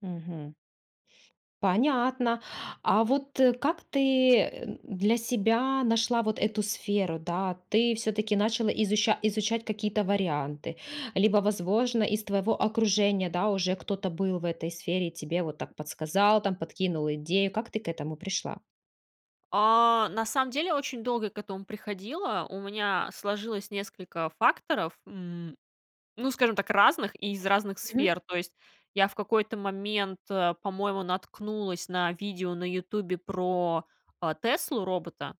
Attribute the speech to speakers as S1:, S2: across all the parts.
S1: Мгм. Понятно. А вот как ты, э, м, для себя нашла вот эту сферу, да? Ты всё-таки начала изуча изучать какие-то варианты? Либо, возможно, из твоего окружения, да, уже кто-то был в этой сфере и тебе вот так подсказал, там, подкинул идею. Как ты к этому пришла?
S2: А, на самом деле очень долго к этому приходила. У меня сложилось несколько факторов, м, ну, скажем так, разных и из разных
S1: Мгм.
S2: сфер. То есть я в какой-то момент, э, по-моему, наткнулась на видео на "Ютубе" про, э, "Теслу"-робота,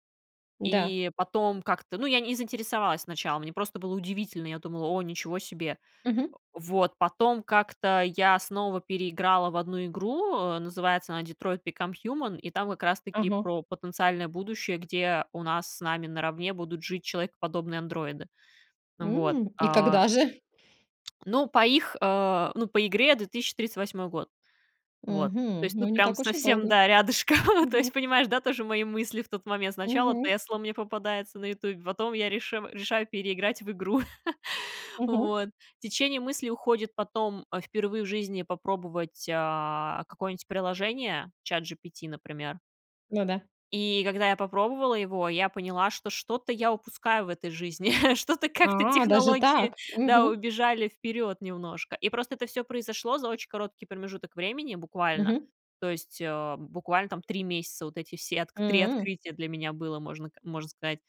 S1: Да.
S2: и потом как-то, ну, я не заинтересовалась сначала, мне просто было удивительно. Я думала: "О, ничего себе!"
S1: Мгм.
S2: Вот. Потом как-то я снова переиграла в одну игру, называется она "Detroit: Become Human", и там как раз-таки
S1: Ага.
S2: про потенциальное будущее, где у нас с нами наравне будут жить человекоподобные андроиды. Вот.
S1: М, и
S2: А
S1: когда же?
S2: Ну, по их, э, ну, по игре 2038 год. Вот. То
S1: Мгм,
S2: есть
S1: ну
S2: тут
S1: не
S2: прям
S1: так уж и
S2: совсем,
S1: долго.
S2: да, рядышком. То
S1: Мгм.
S2: есть, понимаешь, да, тоже мои мысли в тот момент. Сначала
S1: Мгм.
S2: "Тесла" мне попадается на "Ютубе", потом я реши решаю переиграть в игру.
S1: Мгм.
S2: Вот. Течение мысли уходит потом впервые в жизни попробовать, а, какое-нибудь приложение, ChatGPT, например.
S1: Ну да.
S2: И когда я попробовала его, я поняла, что что-то я упускаю в этой жизни, что-то как-то
S1: А, даже
S2: технологии,
S1: так.
S2: да,
S1: Мгм.
S2: убежали вперёд немножко. И просто это всё произошло за очень короткий промежуток времени, буквально,
S1: Мгм.
S2: то есть, э, буквально там 3 месяца, вот эти все отк 3
S1: М.
S2: открытия для меня было, можно к можно сказать.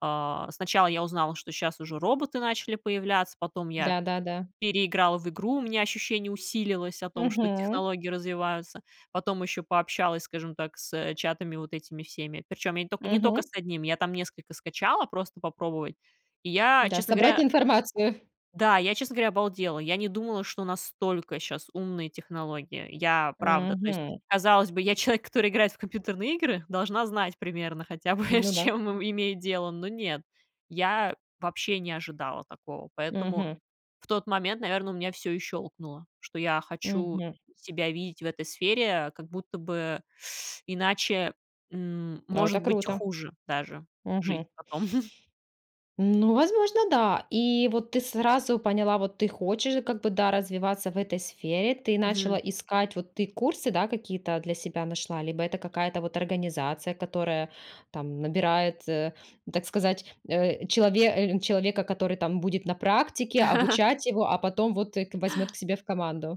S2: А, сначала я узнала, что щас уже роботы начали появляться, потом я
S1: Да, да, да.
S2: переиграла в игру, у меня ощущение усилилось о том, что
S1: Мгм.
S2: технологии развиваются. Потом ещё пообщалась, скажем так, с чатами вот этими всеми, причём я не только я не только
S1: Мгм.
S2: с 1, я там несколько скачала просто попробовать, и я,
S1: Да,
S2: честно
S1: собрать
S2: говоря
S1: информацию.
S2: да, я, честно говоря, обалдела. Я не думала, что настолько щас умные технологии. Я, правда, то есть,
S1: Мгм.
S2: казалось бы, я человек, который играет в компьютерные игры, должна знать примерно хотя бы, с
S1: Ну да.
S2: чем им имеет дело. Но нет, я вообще не ожидала такого. Поэтому
S1: Мгм.
S2: в тот момент, наверно, у меня всё и щёлкнуло, что я хочу
S1: Мгм.
S2: себя видеть в этой сфере как будто бы иначе, м,
S1: Ну, это
S2: может быть,
S1: круто. Мгм.
S2: хуже даже жить
S1: Мгм.
S2: потом.
S1: Ну, возможно, да. И вот ты сразу поняла, вот ты хочешь как бы, да, развиваться в этой сфере. Ты
S2: Мгм.
S1: начала искать, вот ты курсы, да, какие-то для себя нашла? Либо это какая-то вот организация, которая там набирает, э, так сказать, э, челове э, человека, который там будет на практике обучать его, а потом вот к возьмёт к себе в команду.